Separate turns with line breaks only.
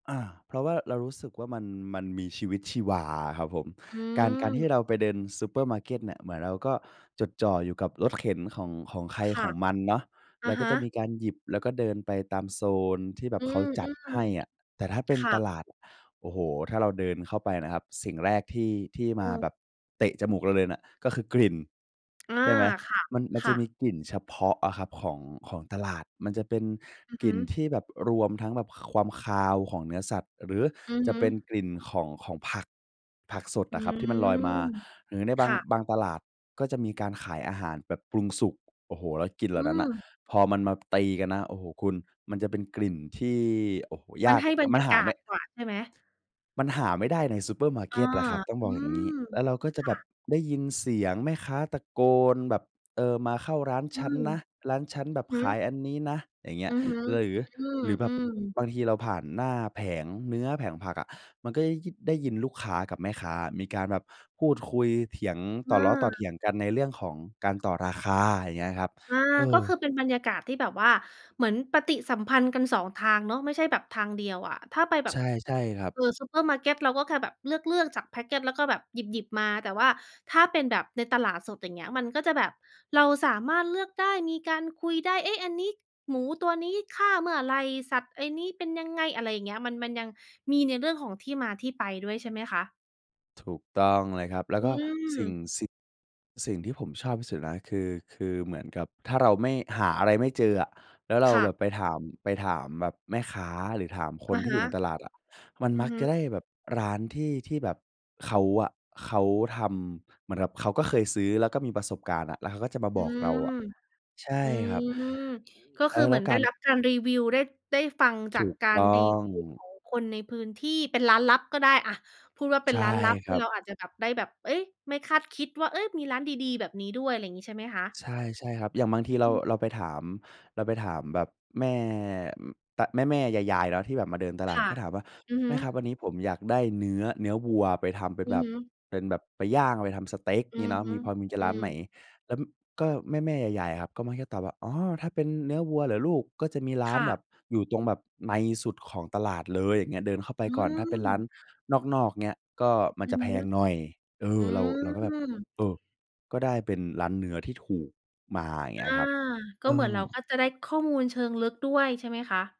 อา เพราะว่าเรารู้สึกว่ามัน มันมีชีวิตชีวาอะครับผม
อื
การ การท
ม
ี่เราไปเดินซูเปอร์มาร์เกตเนี่ย เหมือนเราก็จดจ่ออยู่กับรถเข็นของ ของใคร
ค
ข
่ะ
องมันเนาะ
อ
แล
ะ
้วก
ฮ
็จะม
ะ
ีการหยิบ แล้วก็เดินไปตามโซนที่แบ
อ
บ
ื
เขาจัดให
ม
้อะ แต่ถ้าเป็
ๆ ค
น
่
ต
ะ
ลาด โอ้โฮ ถ้าเราเดินเข้าไปน่ะครับ สิ่งแรกที่ ที่
อ
ม
ื
า
ม
แบบเตะจมูกเราเลยน่ะ ก็คือกลิ่น
อา
ใช่ไหม?
ค่ะ
มัน มัน
ค
จ
่
ะม
ะ
ีกลิ่นเฉพาะอะครับ ของ ของตลาด มันจะเป็น
อือ
ก
ฮ
ลิ
ึ
่นที่แบบรวมทั้งแบบความคาวของเนื้อสัตว์ หรือ
อือ
จ
ฮ
ะ
ึ
เป็นกลิ่นของ ของผัก ผักสด
อื
อะครับที่มันลอ
ม
ยมา หรือใน
ค
บาง
่ะ
บางตลาด ก็จะมีการขายอาหารแบบปรุงสุก โอ้โฮ แล้วกลิ่นเห
อ
ล่
ื
านั้นน่ะ
ม
พอมันมาตีกันนะ โอ้โฮ คุณ มันจะเป็นกลิ่นที่ โอ้โฮ ย
มัน
าก
ให้บรร
มั
ย
น
า
หา
กา
ไม
ศ
่
กว่าใช่ไหม?
มันหาไม่ได้ในซูเปอร์มาร์
อ
เก
า
็ตล่ะครับ ต้อง
อ
บ
ื
อกอย่าง
ม
งี้ แล้วเราก็จ
ค
ะแ
่
บบ
ะ
ได้ยินเสียงแม่ค้าตะโกนแบบ เออ มาเข้าร้าน
อ
ฉ
ื
ัน
ม
นะ ร้านฉันแบบ
อือ
ข
ฮ
า
ึ
ยอันนี้นะ อย่างเงี้
อื
ย
อฮึ
หรือ
อื
หรือแบบ
ม ๆ
บางทีเราผ่านหน้าแผงเนื้อ แผงผักอะ มันก็ได้ยิ ได้ยินลูกค้ากับแม่ค้า มีการแบบพูดคุย เถียง ต
อ
่อล้อต่อเถ
า
ียงกัน ในเรื่องของการต่อราคาอย่างเงี้ยครับ
อา
เอ
ก็คื
อ
อเป็นบรรยากาศที่แบบว่าเหมือนปฏิสัมพันธ์กัน 2 ทางเนาะ ไม่ใช่แบบทางเดียวอะ ถ้าไปแบ
ใช
บ
่ ใช่ครับ
เออ ซูเปอร์มาร์เก็ต เราก็แค่แบบเลือก ๆ จาก แพ็กเกจ แล้วก็แบบหยิบ ๆ มา แต่ว่าถ้าเป็นแบบในตลาดสดอย่างเงี้ย มันก็จะแบบเราสามารถเลือกได้ มีการคุยได้ เอ๊ะ! อันนี้หมูตัวนี้ฆ่าเมื่อไร สัตว์ไอ้นี้เป็นยังไง อะไรเงี้ย มัน มันยังมีในเรื่องของที่มาที่ไปด้วย ใช่ไหมคะ?
ถูก
อื
ต้องเลยครับ แล้วก็
ม
สิ่ง สิ่ง สิ่งที่ผมชอบที่สุดนะ คือ คือเหมือนกับถ้าเราไม่ หาอะไรไม่เจออะ แล้วเรา
ค่ะ
แบบไปถาม ไปถามแบบแม่ค้า หรือถามค
อ
น
ะ
ที
ฮ
่อย
ะ
ู่ในตลาดอะ มัน
อื
ม
อ
ัก
ฮ
จะ
ึ
ได้แบบร้านที่ ที่แบบเขาอะ เขาทำเหมือนกับเขาก็เคยซื้อ แล้วก็มีประสบการณ์น่ะ แล้วเขาก็จะมา
อ
บ
ื
อกเรา
ม
อะ ใช่
อื
ครับ
ม ก็
เ
ค
อ
ือ
อ
เห
แล
ม
้
ือ
ว
นไ
ก
ด้
าร
รับการรีวิว ได้ ได้ฟังจ
ถ
า
ู
ก
ก
กา
ต
ร
้อ
รี
ง
วิวของคนในพื้นที่ เป็นร้านลับก็ได้อะ พูดว่าเป
ใ
็
ช
น
่
ร้านลับ
ค
ที
ร
่
ับ
เราอาจจะแบบได้แบบ เอ๊ย! ไม่คาดคิดว่า เอ๊ย! มีร้านดี ๆ แบบนี้ด้วย ไรงี้ใช่ไหมคะ?
ใช่ ใช่ครับ อย่างบางทีเรา
อือ
เราไปถาม เราไปถามแบบแม่ อ ต แม่ ๆ ยาย ๆ เนาะ ที่แบบมาเดินตล
ค
าด
่ะ
ก็ถามว่า
อือฮ
"แม
ึ
่ครับ วันนี้ผมอยากได้เนื้อ เนื้อวัวไปทำเป็
อ
น
ื
แ
อ
บ
ฮ
บ
ึ
เป็นแบบไปย่าง ไปทำสเต็ก
อื
งี้
อ
เนาะ
ฮึ
มี พอมี จ
อ
ะ
ื
ร้าน
อ
ไหน?" แล้วก็แม่ ๆ ยาย ๆ ครับ ก็มักตอบว่า "อ๋อ ถ้าเป็นเนื้อวัวเหรอลูก ก็จะมีร้า
ค
น
่
แ
ะ
บบ อยู่ตรงแบบในสุดของตลาดเลยอย่างเงี้ย เดินเข้าไป
อื
ก่อนถ้าเป็นร้าน
ม
นอก ๆ เงี้ย ก็มัน
อื
จ
อ
ะแพ
ฮึ
งหน่อย" เอ
อื
อ เรา เราก็แบบ
ม
เออ ก็ได้เป็นร้านเนื้อที่ถูกมาเง
อ
ี
า
้ยครับ
ก็
เอ
เหมือน
อ
เราก็จะได้ข้อมูลเชิงลึกด้วย ใช่ไหมคะ?